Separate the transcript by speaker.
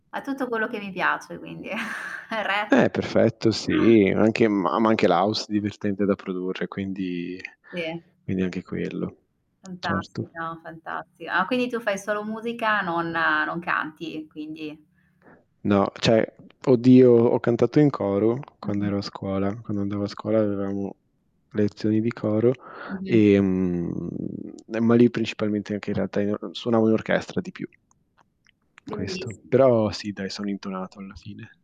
Speaker 1: Ha tutto quello che mi piace quindi. È re
Speaker 2: Eh, perfetto sì, anche ma ma anche l'house divertente da produrre quindi
Speaker 1: Sì.
Speaker 2: quindi anche quello. Certo.
Speaker 1: Fantastica, fantasti ah, quindi tu fai solo musica, nonna non canti, quindi
Speaker 2: No, cioè oddio ho cantato in coro quando
Speaker 1: Mh-mh.
Speaker 2: ero a scuola. Quando andavo a scuola avevamo lezioni di coro,
Speaker 1: Mh-mh.
Speaker 2: ehm, eh, ma lì principalmente anche, in realtà, io suonavo in orchestra di più. Questo.
Speaker 1: Belliss
Speaker 2: Però sì dai son intonato alla fine.